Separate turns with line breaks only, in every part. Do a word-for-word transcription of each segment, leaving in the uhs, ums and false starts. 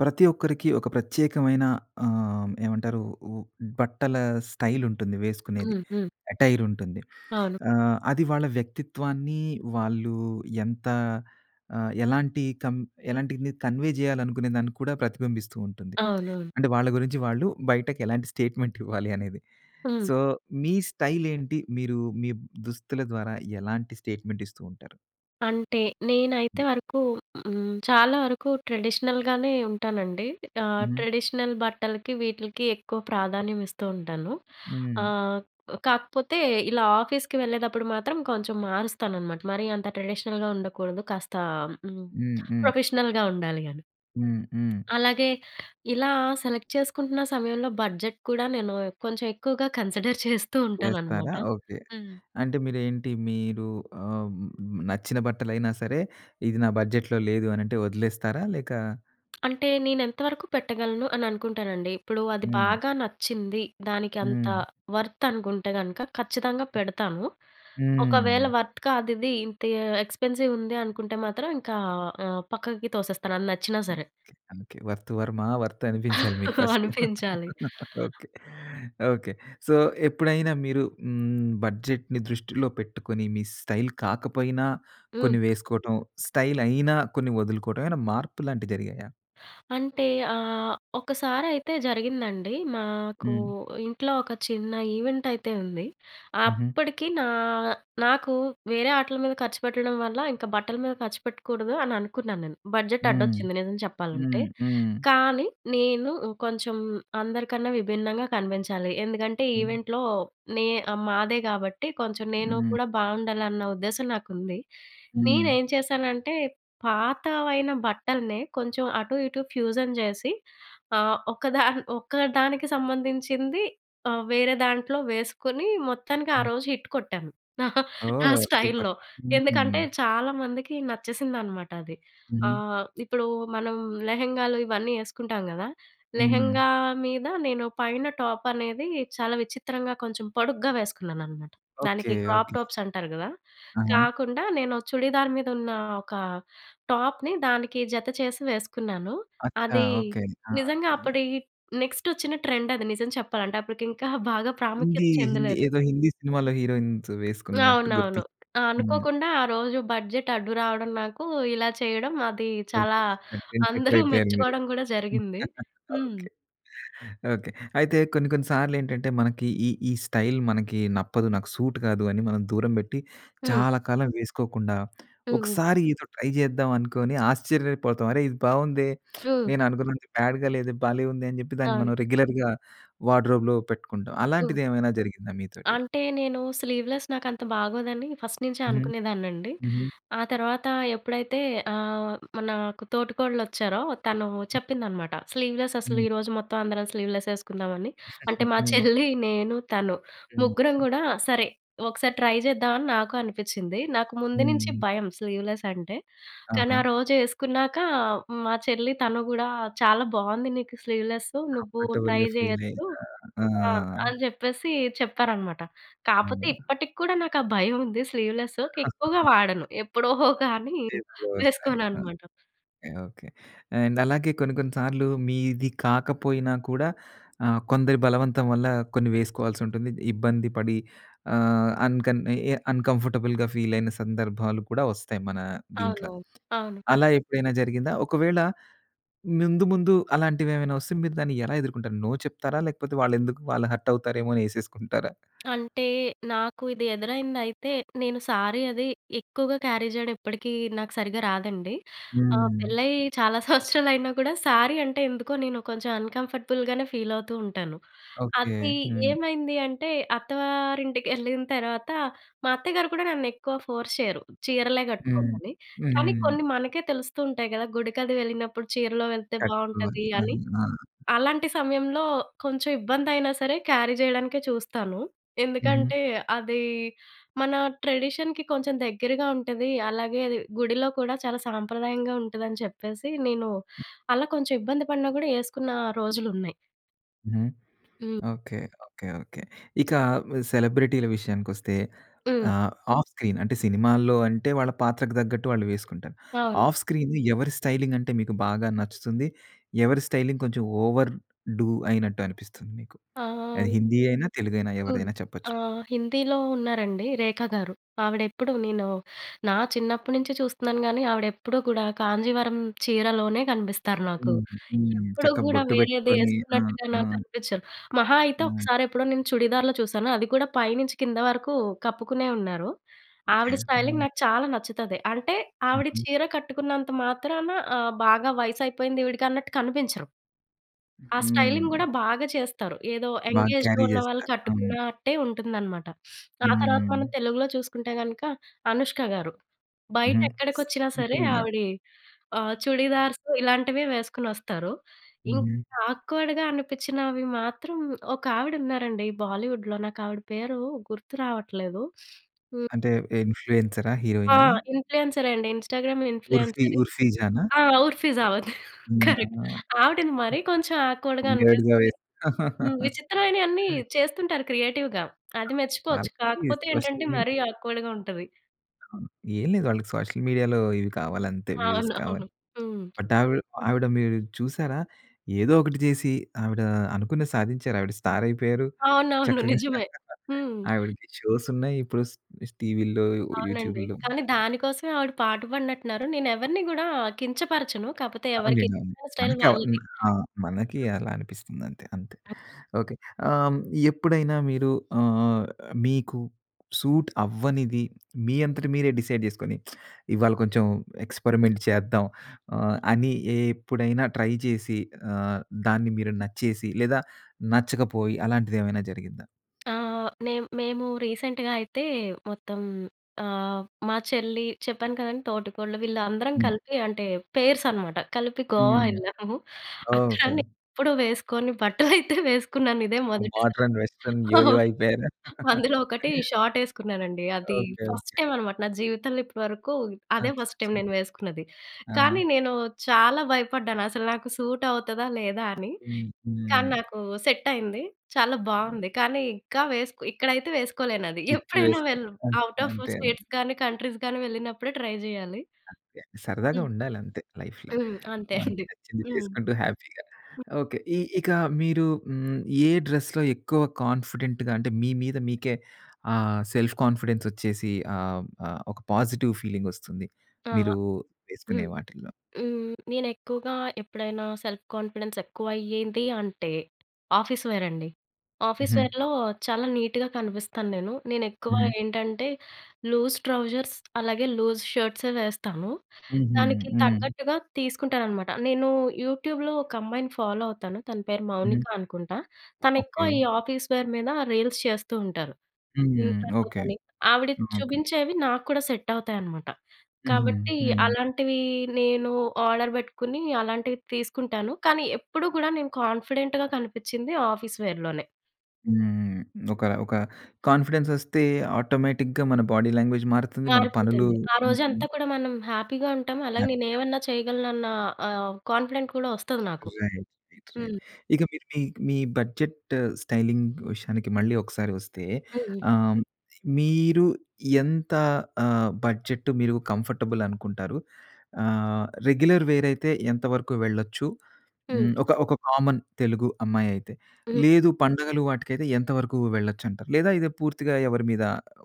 ప్రతి ఒక్కరికి ఒక ప్రత్యేకమైన ఆహ్, ఏమంటారు ఓ బట్టల స్టైల్ ఉంటుంది వేసుకునేది,
హ్మ్. హ్మ్.
అటైర్ ఉంటుంది,
అవును.
ఆహ్, అది వాళ్ళ వ్యక్తిత్వాన్ని వాళ్ళు ఎంత ఆహ్, ఎలాంటి కం ఎలాంటిది కన్వే చేయాలనుకునే దాన్ని కూడా ప్రతిబింబిస్తూంటుంది.
అవునవును.
అంటే వాళ్ళ గురించి వాళ్ళు బయటకు ఎలాంటి స్టేట్‌మెంటివ్వాలి అనేది.
హ్మ్.
సో మీ స్టైల్ ఏంటి? మీరు మీ దుస్తుల ద్వారా ఎలాంటి స్టేట్‌మెంట్ ఇస్తూ ఉంటారు?
అంటే నేనైతే వరకు హ్మ్, చాలా వరకు ట్రెడిషనల్‌గానే ఉంటానండి. ఆ!
హుహు.
ట్రెడిషనల్ బట్టలకి వీటిలకి ఎక్కువ ప్రాధాన్యం ఇస్తూ ఉంటాను,
హ్మ్.
ఆహ్, కాకపోతే ఇలా ఆఫీస్‌కి వెళ్ళేటప్పుడు మాత్రం కొంచెం మారుస్తానన్నమాట. మరి అంత ట్రెడిషనల్‍గా ఉండకూడదు, కాస్తా హ్మ్,
హ్మ్. హ్మ్.
ప్రొఫెషనల్‍గా ఉండాలి అని.
హ్మ్. హ్మ్.
అలాగే ఇలా సెలెక్ట్ చేసుకుంటున్న సమయంలో బడ్జెట్ కూడా నేను కొంచెం ఎక్కువగా కన్సిడర్ చేస్తూ ఉంటానన్నమాట.
చేస్తారా ఓకే.
హ్మ్.
అంటే మీరేంటి మీరు ఆహ్, నచ్చిన బట్టలైనా సరే ఇది నా బడ్జెట్‌లో లేదు అని అంటే వదిలేస్తారా? లేక
అంటే నేను ఎంత వరకు పెట్టగలను అని అనుకుంటానండి. ఇప్పుడు అది
హ్మ్.
బాగా నచ్చింది, దానికి అంత
హ్మ్.
వర్త్ అనుకుంటే గనుక ఖచ్చితంగా పెడతాను. ఒకవేళ
హ్మ్.
వర్త్ కాదు ఇది ఇంత ఎక్స్‌పెన్సివ్ ఉంది అనుకుంటే మాత్రం ఇంకా ఆహ్, పక్కకి తోసేస్తాను అది నచ్చినా సరే.
Okay. Okay. 'Worth‌ Varma worth' అనిపించాలి మీకు ఫస్టు.
అనిపించాలి.
ఓకే. ఓకే. సో, ఎప్పుడైనా మీరు హ్మ్, బడ్జెట్‌ని దృష్టిలో పెట్టుకొని మీ స్టైల్ కాకపోయినా
హ్మ్.
కొన్ని వేసుకోవటం. స్టైలైనా కొన్ని వదులుకోవడం ఏమైనా మార్పులాంటి జరిగాయా?
అంటే ఆహ్, ఒకసారైతే జరిగిందండి. మాకు
హ్మ్.
ఇంట్లో ఒక చిన్న ఈవెంటైతే ఉంది.
ఉహూ.
అప్పటికి నా నాకు వేరే ఆటుల మీద ఖర్చు పెట్టడం వల్ల ఇంక బట్టల మీద ఖర్చు పెట్టకూడదు అని అనుకున్నాను నేను, బడ్జెట్
హ్మ్.
అడ్డొచ్చింది నిజం చెప్పాలంటే.
హ్మ్. హ్మ్.
కానీ నేను కొంచెం అందరికన్నా విభిన్నంగా కనిపించాలి. ఎందుకంటే
హ్మ్.
ఈవెంట్‍లో నే మాదే కాబట్టి కొంచెం నేను
హ్మ్.
కూడా బాగుండాలన్న ఉద్దేశం నాకుంది. నేను
హ్మ్.
ఏం చేశానంటే పాతవైన బట్టల్నే కొంచెం అటు ఇటు ఫ్యూజన్ చేసి ఆహ్, ఒకదా ఒక్క దానికి సంబంధించింది ఆహ్, వేరే దాంట్లో వేసుకొని మొత్తానికి ఆ
హ్మ్.
రోజు హిట్ కొట్టాను. నా
ఓహ్! సూపర్.
స్టైల్‌లో.
హుహు.
ఎందుకంటే చాలామందికి నచ్చేసింది అన్నమాట అది.
హుహు.
ఆహ్, ఇప్పుడు మనం లెహంగాలు ఇవన్నీ వేసుకుంటాం కదా!
హ్మ్.
లెహంగా మీద నేను పైన టాప్ అనేది చాలా విచిత్రంగా కొంచెం పొడుగ్గా వేసుకున్నానన్నమాట.
ఓకే.
దానికి
ఓకే.
క్రాప్‌టాప్స్ అంటారు కదా!
ఆహా!
కాకుండా నేను చుడిదార్ మీద ఉన్న ఒక టాప్‌‌‌‌‌‌ని దానికి జత చేసి వేసుకున్నాను.
అచ్చ.
అది
ఓకే. ఆ!
నిజంగా
యాహ్!
అప్పటి నెక్స్ట్ వచ్చిన ట్రెండ్ అది నిజం చెప్పాలంటే, అప్పటికి ఇంకా బాగా
హిందీ
ప్రాముఖ్యత
హిందీ
చెందలేదు.
ఏదో హిందీ సినిమాలో హీరోయిన్స్ వేసుకున్నట్టు
అవునవును.
గుర్తుంది. హ్మ్.
అనుకోకుండా ఆరోజు బడ్జెట్ అడ్డు రావడం నాకు, ఇలా చేయడం, అది చాలా
[unintelligible] ట్రెండ్ సెట్టర్
అందరూ
అయిపోయారు మీరు.
మెచ్చుకోవడం కూడా జరిగింది. హ్మ్.
ఓకే. ఓకే. అయితే కొన్ని కొన్ని సార్లు ఏంటంటే మనకి ఈ ఈ స్టైల్ మనకి నప్పదు. నాకు సూట్ కాదు అని మనం దూరం పెట్టి
హ్మ్.
చాలా కాలం వేసుకోకుండా
హుహు.
ఒకసారి ఏదో ట్రై చేద్దాం అనుకోని ఆశ్చర్యపోతాం. అరే! ఇది బాగుందే.
హ్మ్.
నేను అనుకున్నంత బ్యాడ్‍గా లేదు భలే ఉంది. అని చెప్పి దాన్ని
అవును.
మనం రెగ్యులర్‍గా వార్డ్‌రోబ్‌లో పెట్టుకుంటాం.
హ్మ్.
అలాంటిది ఏమైనా జరిగిందా మీతోటి?
అంటే నేను స్లీవ్‌లెస్ నాకు అంత బాగోదని ఫస్ట్ నుంచే
హ్మ్.
అనుకునేదాన్నండి.
హ్మ్
ఆ తర్వాత ఎప్పుడైతే ఆహ్, మనాకు తోటికోడలోచ్చారో తను చెప్పిందన్నమాట. స్లీవ్‌లెస్ అసలు
హ్మ్.
ఈరోజు మొత్తం అందరం స్లీవ్‌లెస్ వేసుకుందామని అంటే మా
హ్మ్.
చెల్లి, నేను, తను, ముగ్గురం
హ్మ్.
కూడా సరే. ఒకసారి ట్రై చేద్దాం, అని నాకు అనిపించింది. నాకు ముందు నుంచి
హ్మ్.
భయం స్లీవ్‌లెసంటే. కానీ, ఆ
ఆహా!
రోజు వేసుకున్నాక మా చెల్లి తను కూడా, "చాలా బాగుంది నీకు స్లీవ్‌లెసు. నువ్వు ట్రై
కంఫర్టేబుల్‌గా ‌ఫీలైక.
చేయొచ్చు"
ఆ!
ఆ! అని చెప్పేసి చెప్పారన్నమాట. కాపోతే
అవునుగా.
ఇప్పటికి కూడా నాకు ఆ భయం ఉంది స్లీవ్‌లెసు. ఎక్కువగా వాడను. ఎప్పుడో కానీ
లేదు ఒకసారి
వేసుకోను
ఆ!
అన్నమాట.
ఓకే. ఓకే. అండ్ అలాగే కొన్ని కొన్ని సార్లు మీది కాకపోయినా కూడా ఆహ్, కొందరి బలవంతం వల్ల కొన్ని వేసుకోవాల్సి ఉంటుంది. ఇబ్బంది పడి ఆహ్, అన్కన్ అన్‌కంఫర్టబుల్‍గా ఫీలైన సందర్భాలు కూడా వస్తాయి మన దింట్లో.
అవునవును. అవును.
అలా ఎప్పుడైనా జరిగిందా? ఒకవేళ ముందు ముందు అలాంటివేవైనా వస్తే మీరు దాన్ని ఎలా ఎదుర్కుంటారు? నో చెప్తారా? లేకపోతే వాళ్ళు ఎందుకు వాళ్ళు హర్ట్ అవుతారేమోని వేసేసుకుంటారా?
అంటే నాకు ఇది ఎదురైందయితే నేను సారీ అది ఎక్కువగా క్యారీ జేయడం ఇప్పడికీ నాకు సరిగ్గా రాదండి. ఆ!
హ్మ్.
పెళ్ళై చాలా సంవత్సరాలైనా కూడా సారీ అంటే ఎందుకో నేను కొంచెం అన్‌కంఫర్టబుల్‍గానే ఫీలవుతుంటాను.
ఓకే.
అది
హ్మ్.
ఏమైంది అంటే అత్తవారింటికెళ్ళిన తర్వాత మా అత్తగారు కూడా నన్ను ఎక్కువ ఫోర్స్ చేయరు, "చీరలే
హ్మ్.
కట్టుకోమని". కానీ
హ్మ్.
కొన్ని మనకే తెలుస్తూ ఉంటాయి కదా! గుడికది వెళ్ళినప్పుడు చీరలో వెళ్తే
కట్టుకోవాలి.
బాగుంటాది
హ్మ్.
అని.
ఆ!
అలాంటి సమయంలో కొంచెం ఇబ్బందైనా సరే క్యారీ చేయడానికే చూస్తాను.
హ్మ్.
ఎందుకంటే అది మన ట్రెడిషన్‍కి కొంచెం దగ్గరగా ఉంటది. అలాగే అది గుడిలో కూడా చాలా సాంప్రదాయంగా ఉంటదని చెప్పేసి నేను అలా కొంచెం ఇబ్బంది పడినా కూడా ఏసుకున్న రోజులు ఉన్నాయి.
హ్మ్.
హ్మ్.
ఓకే. ఓకే. ఓకే. ఇక ఆహ్, సెలబ్రిటీల విషయానికొస్తే
హ్మ్.
ఆహ్, ఆఫ్ స్క్రీన్ అంటే సినిమాల్లో అంటే వాళ్ళ పాత్రకు తగ్గట్టు వాళ్ళు వేసుకుంటారు.
అవును.
ఆఫ్ స్క్రీన్ ఎవరి స్టైలింగ్ అంటే మీకు బాగా నచ్చుతుంది? ఎవరి స్టైలింగ్ కొంచెం ఓవర్ డు అయినట్టు అనిపిస్తుంది? మీకు
ఆ!
అది హిందీ అయినా, తెలుగైనా
అవును.
ఎవరిదైనా చెప్పొచ్చు మీరు.
ఆహ్, హిందీలో ఉన్నారండి రేఖగారు. ఆవిడెప్పుడూ నేను నా చిన్నప్పటి నుంచి చూస్తున్నాను. కానీ, ఆవిడ ఎప్పుడూ కూడా కాంజీవరం చీరలోనే కనిపిస్తారు నాకు.
హ్మ్. హ్మ్.
ఎప్పుడు
చక్కగా
కూడా
బొట్టు
వేరేది
పెట్టుకొని ఆ!
వేసుకున్నట్టుగా
ఆ!
నాకు కనిపించరు. మహా అయితే,
హ్మ్.
ఒకసారి ఎప్పుడో నేను చుడిదార్‌లో చూశాను అది కూడా పై నుంచి కింద వరకు కప్పుకునే ఉన్నారు. ఆవిడ
ఓకే.
స్టైలింగ్
హ్మ్.
నాకు చాలా నచ్చుతది. అంటే ఆవిడ
హుహు.
చీర కట్టుకున్నంత మాత్రాన ఆహ్, బాగా వయసు అయిపోయింది ఈవిడకి అన్నట్టు కనిపించరు. ఆ స్టైలింగ్
హ్మ్.
కూడా బాగా చేస్తారు. ఏదో ఎంగ్
బాగా
ఏజ్‌లో
క్యారీ
ఉన్నవాళ్ళు
చేస్తారు. అవును.
కట్టుకున్నట్టే ఉంటుందన్నమాట. ఆ తర్వాత
హ్మ్.
మనం తెలుగులో చూసుకుంటే కనుక అనుష్కగారు. బయట
హుహు.
ఎక్కడికి వచ్చినా సరే
సింపుల్‌గా.
ఆవిడీ ఆహ్, చుడీదార్సు ఇలాంటివి వేసుకొని వస్తారు. ఇంక
హుహు.
ఆక్వర్డ్‌గా అనిపించినవి మాత్రం ఒక ఆవిడ ఉన్నారండి బాలీవుడ్‌లో నాకు ఆవిడ పేరు గుర్తు రావట్లేదు. హ్మ్.
అంటే ఇన్ఫ్లుయెన్సరా?
ఆ!
హీరోయినా?
ఇన్ఫ్లుయెన్సరే అండి ఇన్స్టాగ్రామ్‌లో
ఉర్ఫీ
ఇన్ఫ్లుయెన్సరే.
ఉర్ఫిజానా?
ఆ! ఉర్ఫిజావెద్
హ్మ్.
కరెక్ట్.
ఆహా!
ఆవిడని మరి కొంచెం ఆక్వర్డ్‌గా
వీర్డ్‌గా
అనిపిస్తుంది.
వేస్
విచిత్రమైనవి అన్ని చేస్తుంటారు క్రియేటివ్‌గా అది
మర్
మెచ్చుకోవచ్చు. కాకపోతే ఏంటంటే,
[unintelligible]
మరి ఆక్వర్డ్‌గా ఉంటది.
ఆ! ఏం లేదు. వాళ్ళకి సోషల్ మీడియాలో ఇవి కావాలి అంతే వ్యూస్
అవును.
కావాలి.
అవును. హ్మ్.
బట్ ఆవిడ ఆవిడ మీరు చూసారా? ఏదో ఒకటి చేసి ఆవిడ అనుకున్నది సాధించారు. ఆవిడ స్టార్ అయిపోయారు.
అవునవును.
చక్కగా.
నిజమే. హ్మ్.
ఆవిడకి షోస్ ఉన్నాయి ఇప్పుడు స్ టీవీల్లో
అవునండి.
యూట్యూబ్‌ల్లో.
కానీ దానికోసమే ఆవిడ పాటుపడినట్టున్నారు. నేను ఎవరిని కూడా కించపరచను. కాకపోతే ఎవరికి
అవునులెండి అవును.
స్టైల్
మనకి ఆవ్
వాళ్ళది.
ఆహ్, మనకి
హ్మ్.
అలా అనిపిస్తుంది అంతే. అంతే. ఓకే. ఆహ్, ఎప్పుడైనా మీరు ఆహ్, మీకు సూట్ అవ్వనిది మీ అంతట మీరే డిసైడ్ చేసుకొని ఇవాళ కొంచెం ఎక్స్పెరిమెంట్ చేద్దాం. ఆ! అని ఎప్పుడైనా ట్రై చేసి ఆహ్, దాన్ని మీరు నచ్చేసి లేదా నచ్చకపోయి అలాంటిది ఏమైనా జరిగిందా?
ఆ! నేన్ మేము రీసెంట్‍గా అయితే మొత్తం ఆ! మా చెల్లి చెప్పాను కదండీ. తోటికోడలు వీళ్ళందరం
హ్మ్.
కలిపి అంటే పేర్స్ అనమాట కలిపి గోవా
హ్మ్.
వెళ్ళాము. అక్కడ
ఓకే.
ఎప్పుడో వేసుకొని బట్టలు అయితే వేసుకున్నాను. ఇదే మొదటిసారి.
మోడరన్ వెస్ట్రన్ యో! యో!
అవును.
అయిపోయారా?
అందులో ఒకటి షాట్ ఏసుకున్నానండి. అది
ఓకే.
First
okay.
టైం అనమాట నా జీవితంలో ఇప్పటివరకు అదే ఫస్ట్ టైం
అచ్చాచ్చ!
నేను వేసుకున్నది. కానీ
ఆహా!
నేను చాలా భయపడ్డాను. అసలు నాకు సూట్ అవుతదా? లేదా? అని.
హ్మ్.
కానీ
హ్మ్.
నాకు సెట్ అయింది. చాలా బావుంది. కానీ ఇంకా వేసుకో ఇక్కడైతే వేసుకోలేనది.
ఇక్కడ
ఎప్పుడైనా
వేసుకో.
వెళ్ళు
అంతే,
అవుటాఫ్
అంతే అండి.
స్టేట్స్‌గాని, కంట్రీస్‌‌గాని వెళ్ళినప్పుడే ట్రై చేయాలి.
అంతే సరదాగా
హ్మ్.
ఉండాలి అంతే లైఫ్‌లో.
హ్మ్. అంతే
మనకి
అండి.
నచ్చింది
హ్మ్.
చేసుకుంటూ హ్యాపీగా.
హ్మ్.
ఓకే. ఇ ఇక మీరు హ్మ్. ఏ డ్రెస్‌లో ఎక్కువ కాన్ఫిడెంట్‌గా అంటే మీ మీద మీకే ఆ సెల్ఫ్ కాన్ఫిడెన్స్ వచ్చేసి ఆహ్, ఆహ్, ఒక పాజిటివ్ ఫీలింగ్ వస్తుంది.
అహా!
మీరు
హ్మ్.
వేసుకునే వాటిల్లో?
హ్మ్. నేను ఎక్కువగా ఎప్పుడైనా సెల్ఫ్ కాన్ఫిడెన్స్ ఎక్కువ అయ్యేది అంటే ఆఫీస్ వేర్ అండి. ఆఫీస్
హుహు.
వేర్‍లో చాలా నీట్‌గా కనిపిస్తాను నేను. నేను ఎక్కువ
హుహు.
ఏంటంటే లూజ్ ట్రౌజర్స్ అలాగే లూజ్ షర్ట్సే వేస్తాను.
ఉహూ.
దానికి
హ్మ్.
తగ్గట్టుగా తీసుకుంటాననమాట. నేను యూట్యూబ్‌లో ఒక అమ్మాయిని ఫాలో అవుతాను. తన పేరు మౌనిక
హుహు.
అనుకుంటా. తను ఎక్కువ
ఓకే.
ఈ ఆఫీస్ వేర్ మీద రీల్స్ చేస్తూ ఉంటారు.
హ్మ్.
ఇంస్టాలో
ఓకే.
గాని ఆవిడ
ఓకే.
చూపించేవి నాకు కూడా సెట్ అవుతాయనమాట.
హుహు.
కాబట్టి
హ్మ్.
అలాంటివి నేను ఆర్డర్ పెట్టుకొని అలాంటివి తీసుకుంటాను. కానీ ఎప్పుడు కూడా నేను కాన్ఫిడెంట్‌గా కనిపించింది ఆఫీస్ వేర్‌లోనే.
హ్మ్. ఒక ఒక కాంఫిడెన్స్ వస్తే ఆటోమేటిక్‌గా మన బాడీ లాంగ్వేజ్ మారుతుంది. మన పనులు
మారిపోతుంది. ఆ రోజంతా
ఉంటుంది.
కూడా మనం హ్యాపీగా ఉంటాం. అలాగే నేను
హ్యాపీగా.
ఏమన్నా చేయగలను అన్న ఆహ్, కాన్ఫిడెంట్ కూడా వస్తది నాకు.
రైట్. రైట్. రైట్.
హ్మ్.
ఇక మీరు మీ మీ బడ్జెట్ స్టైలింగ్ విషయానికి మళ్ళీ ఒకసారి వస్తే.
హుహు.
ఆహ్, మీరు ఎంత ఆహ్, బడ్జెట్ మీరు కంఫర్టబుల్ అనుకుంటారు. ఆహ్, రెగ్యులర్ వే‌ర్ అయి‌తే ఎంతవరకు వెళ్ళొచ్చు.
హ్మ్.
హ్మ్, ఒక ఒక కామన్ తెలుగు అమ్మాయి అయితే.
హ్మ్.
లేదు పండుగలు వాటికైతే ఎంతవరకు వెళ్లొచ్చు అంటారు? లేదా ఇది పూర్తిగా ఎవరి మీద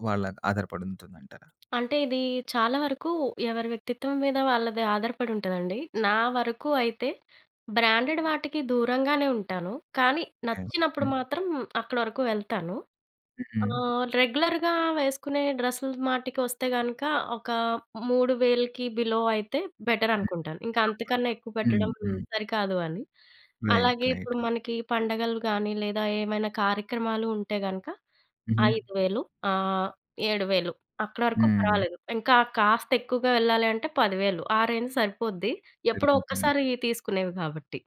వాళ్ళ ఆధారపడి ఉంటుందంటారా?
అంటే, ఇది చాలా వరకు ఎవరి వ్యక్తిత్వం మీద వాళ్ళది ఆధారపడి ఉంటుందండి. నా వరకు అయితే బ్రాండెడ్ వాటికి దూరంగానే ఉంటాను. కానీ
హ్మ్.
నచ్చినప్పుడు
హ్మ్.
మాత్రం అక్కడ వరకు వెళ్తాను.
హు‌హు‌హు‌.
ఆహ్, రెగ్యులర్‌గా వేసుకునే డ్రెస్సులు మాటికి వస్తే గనుక. ఒక మూడు వేలకి బిలో అయితే బెటర్
హ్మ్.
అనుకుంటాను. ఇంకా అంతకన్నా ఎక్కువ
కంఫర్టబుల్. హ్మ్.
పెట్టడం
హ్మ్.
సరికాదు అని.
రైట్.
అలాగే
రైట్.
ఇప్పుడు మనకి పండగలు కాని లేదా ఏమైనా కార్యక్రమాలు ఉంటే గనక.
హుహు.
ఐదు వేలు ఆహ్, ఏడు వేలు అక్కడ వరకు
హ్మ్.
పర్వాలేదు. ఇంకా కాస్త ఎక్కువగా యేళ్ళాలి అంటే పది వేలు ఆ రేంజ్ సరిపోద్ది. ఎప్పుడో
పెరుగుతుంది.
ఒక్కసారి తీసుకునేవి కాబట్టి.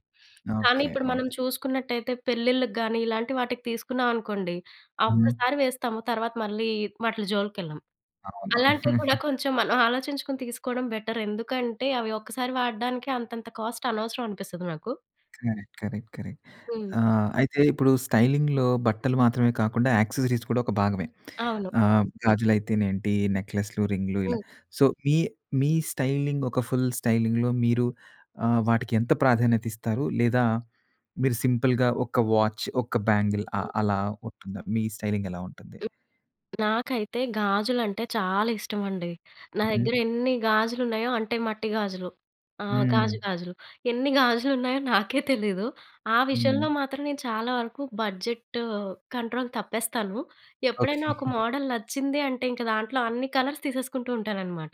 కానీ
ఓకే.
ఇప్పుడు మనం
ఓకే.
చూసుకున్నట్లయితే పెళ్ళిలకి గాని, ఇలాంటి వాటికి తీసుకున్నాం అనుకోండి. ఆ
హ్మ్.
ఒక్కసారి వేస్తాము. తర్వాత మళ్ళీ వట్లీ జోలికి వెళ్ళాం.
అవును.
అలాంటివి కూడా కొంచెం మనం ఆలోచించుకొని తీసుకోవడం బెటర్. ఎందుకంటే, అవి ఒక్కసారి వాడడానికి అంతంత కాస్ట్ అనవసరం అనిపిస్తది నాకు.
కరెక్ట్. కరెక్ట్. కరెక్ట్.
హ్మ్.
ఆహ్, అయితే ఇప్పుడు స్టైలింగ్‌లో బట్టలు మాత్రమే కాకుండా, యాక్సెసరీస్ కూడా ఒక భాగమే.
అవును.
ఆహ్, గాజులైతే‌నేంటి, నెక్లెస్‌లు, రింగ్లు ఇలా.
హ్మ్.
సో, మీ మీ స్టైలింగ్. ఒక ఫుల్ స్టైలింగ్‌లో మీరు ఆహ్, వాటికి ఎంత ప్రాధాన్యత ఇస్తారు. లేదా మీరు సింపుల్‌గా ఒక వాచ్, ఒక బ్యాంగిల్. ఆహ్,
హ్మ్.
అలా ఉంటుం‌దా. మీ స్టైలింగ్ ఎలా ఉంటుంది?
నాకైతే గాజులంటే చాలా ఇష్టమండి. నా
హుహు.
దగ్గర ఎన్ని గాజులు ఉన్నాయో, అంటే మట్టి గాజులు. ఆ! గాజు
హ్మ్.
గాజులు. ఎన్ని గాజులున్నాయో నాకే తెలీదు. ఆ
హ్మ్.
విషయంలో మాత్రం నేను చాలా వరకు బడ్జెట్ కంట్రోల్ తప్పేస్తాను.
ఓకే.
ఎప్పుడైనా ఒక మోడల్ నచ్చింది అంటే, ఇంక దాంట్లో అన్ని కలర్స్ తీసేసుకుంటూ ఉంటాననమాట.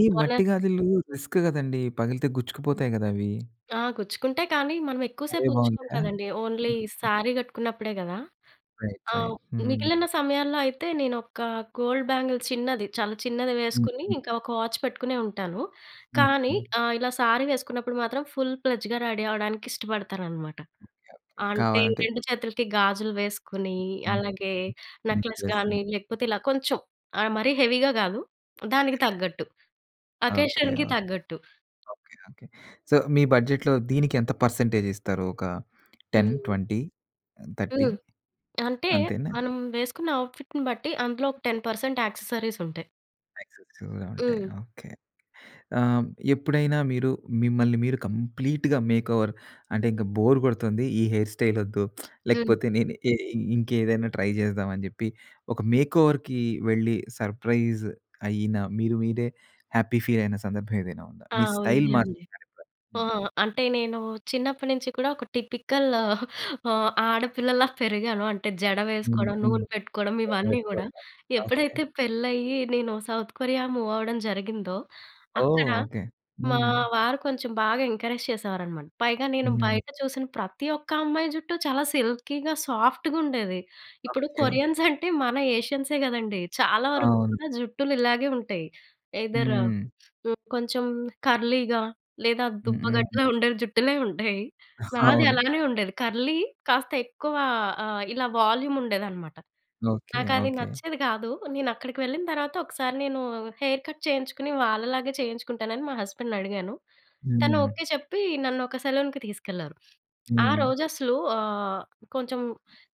ఈ
మొన్న
మట్టి గజులు రిస్క్ కదండీ. పగిలితే గుచ్చుకుపోతాయి కదా అవి.
ఆ! గుచ్చుకుంట‌యి. కానీ, మనం
అదే
ఎక్కువసేపు ఉంచుకోము
బాగుందా?
కదండీ. ఓన్లీ శారీ కట్టుకున్నప్పుడే కదా.
రైట్
ఆ!
రైట్. హ్మ్.
మిగిలిన సమయాల్లో అయితే నేను ఒక గోల్డ్ బ్యాంగిల్ చిన్నది, చాలా చిన్నది వేసుకొని,
ఓకే.
ఇంకా ఒక వాచ్ పెట్టుకునే ఉంటాను. కానీ
ఓకే.
ఆహ్, ఇలా శారీ వేసుకున్నప్పుడు మాత్రం ఫుల్ ప్లెడ్జ్‌గా రెడీ అవ్వడానికి ఇష్టపడతాననమాట.
ఓకే. ఓకే.
అంటే
కావాలంటే
రెండు చేతులకి గాజులు వేసుకొని,
హ్మ్.
అలాగే
హ్మ్. హ్మ్.
నెక్లెస్
ఎస్
గానీ,
అండి.
లేకపోతే ఇలా కొంచెం ఆహ్, మరి హెవీగా కాదు. దానికి
అదే.
తగ్గట్టు.
ఓకే.
అకేషన్‍కి
ఓకే.
తగ్గట్టు.
ఓకే. ఓకే. సో, మీ బడ్జెట్‌లో దీనికి ఎంత పర్సెంటేజ్ ఇస్తారు. ఒక టెన్
హుహు.
ట్వంటీ థర్టీ
హ్మ్. అంటే
అంతేనా?
మనం వేసుకున్న ఔట్ఫిట్‌ని బట్టి. అందులో ఒక టెన్ పర్సెంట్ యాక్సెసరీస్ ఉంటాయి.
ఎక్సెసివ్‌గా ఉంటాయి.
హ్మ్.
ఓకే. ఆహ్, ఎప్పుడైనా మీరు మిమ్మల్ని మీరు కంప్లీట్‌గా మేక్‌ఓవర్ అంటే ఇంక బోర్ కొడుతుంది ఈ హెయిర్ స్టైల్ వద్దు.
హ్మ్.
లేకపోతే నేను ఎ ఇంకేదైనా ట్రై జేద్దామని చెప్పి ఒక మేక్‌ఓవర్‌కి వెళ్ళి సర్ప్రైజ్ అయిన మీరు మీరే హ్యాపీ ఫీల్ అయిన సందర్భం ఏదైనా ఉందా?
ఆ!
మీ స్టైల్
ఉంది
మారి
అండి.
[unintelligible]
ఆ!
హ్మ్.
అంటే నేను చిన్నప్పడి నుంచి కూడా ఒక టిపికల్ ఆడపిల్లలా పెరిగాను. అంటే జడ
హ్మ్.
వేసుకోవడం.
హ్మ్.
నూనె పెట్టుకోవడం. ఇవన్నీ గూడా.
[unintelligible] ఓకే.
ఎప్పుడైతే పెళ్ళయ్యి నేను సౌత్ కొరియా మూవ్ అవ్వడం జరిగిందో
ఓహ్!
అక్కడ
ఓకే.
మా
హ్మ్.
వారు కొంచెం బాగా ఎంకరేజ్ చేసేవారనమాట. పైగా నేను
హుహు.
బయట చూసిన ప్రతి ఒక్క అమ్మాయి జుట్టూ చాలా సిల్కీగా, సాఫ్ట్‌గా ఉండేది. ఇప్పుడు
ఓకే.
కొరియన్స్ అంటే మన ఏషియన్సే గదండీ! చాలా వరకు
అవును.
కూడా జుట్టులు ఇలాగే ఉంటాయి. ఎయ్‌దర్
హ్మ్.
కొంచెం కర్లీగా లేదా
హ్మ్.
దుబ్బ
హ్మ్.
గడ్డలా ఉండే జుట్టులే ఉంటాయి. నాది
అవును.
అలానే ఉండేది కర్లీ కాస్త ఎక్కువ ఆహ్, ఇలా వాల్యూమ్ ఉండేది అనమాట.
ఓకే.
నాకు అది
ఓకే.
నచ్చేది గాదు. నేను అక్కడికి వెళ్ళిన తర్వాత ఒకసారి నేను హెయిర్ కట్ చేయించుకుని వాళ్ళలాగే చేయించుకుంటానని మా హస్బెండ్‌ని అడిగాను. తను
హ్మ్.
ఓకే చెప్పి నన్ను ఒక సెలూన్‍కి తీసుకెళ్లారు. ఆ
హ్మ్.
రోజు అసలు ఆహ్, కొంచెం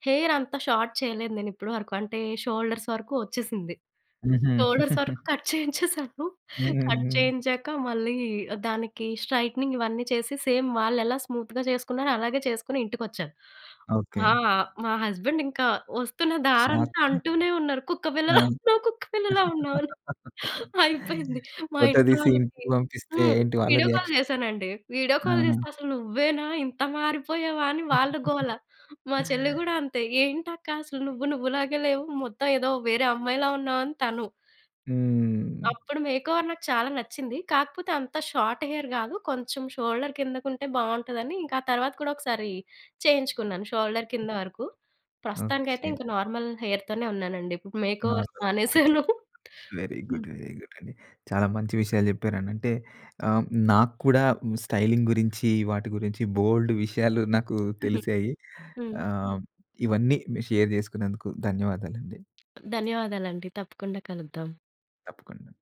హెయిర్ అంత షార్ట్ చేయలేదు నేను ఇప్పడి వరకు. అంటే షోల్డర్స్ వరకు వచ్చేసింది.
హుహు.
షోల్డర్స్ వరకు కట్ చేయించేసాను.
హ్మ్.
కట్
హ్మ్.
చేయించాక మళ్ళీ దానికి స్ట్రెయిట్నింగ్ ఇవన్నీ చేసి సేమ్ వాళ్ళు ఎలా స్మూత్‍గా చేసుకున్నారో అలాగే చేసుకొని ఇంటికొచ్చాను.
ఓకే.
ఆ! మా హస్బెండ్ ఇంకా వస్తున్న దారంతా
షార్టు.
అంటూనే ఉన్నారు. కుక్కపిల్లలా
ఆ!
ఉన్నావు. కుక్కపిల్లలా ఉన్నావు అని. అయిపోయింది. మా
ఫోటో
ఇంట్లో
తీసి
వాళ్ళకి
ఇంటికి పంపిస్తే
హ్మ్,
ఏంటి వాళ్ళ
వీడియో కాల్
రియాక్షన్?
జేశానండి. వీడియో కాల్
ఆహ!
జేస్తే అసలు నువ్వేనా ఇంత మారిపోయావా అని వాళ్ళ గోల. మా చెల్లి గూడా అంతే. ఏంటి అక్క అసలు నువ్వు నువ్వులాగే లేవు. మొత్తం ఏదో వేరే అమ్మాయిలా ఉన్నావని తను.
హ్మ్.
అప్పుడు మేక్‌ఓవర్ నాకు చాలా నచ్చింది. కాకపోతే అంత షార్ట్ హెయిర్ గాదు. కొంచెం షోల్డర్ కిందకు ఉంటే బావుంటదదని. ఇంకా ఆ తర్వాత కూడా ఒకసారి చేయించుకున్నాను. షోల్డర్ కింద వరకు. ప్రస్తుతానికైతే
ఓకే.
ఇంకా నార్మల్ హెయిర్‌తోనే ఉన్నానండి. ఇప్పుడు మేక్
నా
ఓవర్
[unintelligible]
మానేసాను.
వెరీ
హ్మ్.
గుడ్. వెరీ గుడ్ అండి. చాలా మంచి విషయాలు జెప్పారండి. అంటే ఆహ్, నాకు కూడా స్టైలింగ్ గురించి వాటి గురించి బోలెడు విషయాలు నాకు
హుహు.
తెలిశాయి.
హ్మ్.
ఆహ్, ఇవన్నీ మీరు షేర్ జేసుకున్నందుకు ధన్యవాదాలండి.
ధన్యవాదాలండి. తప్పకుండ కలుద్దాం.
తప్పకుండ.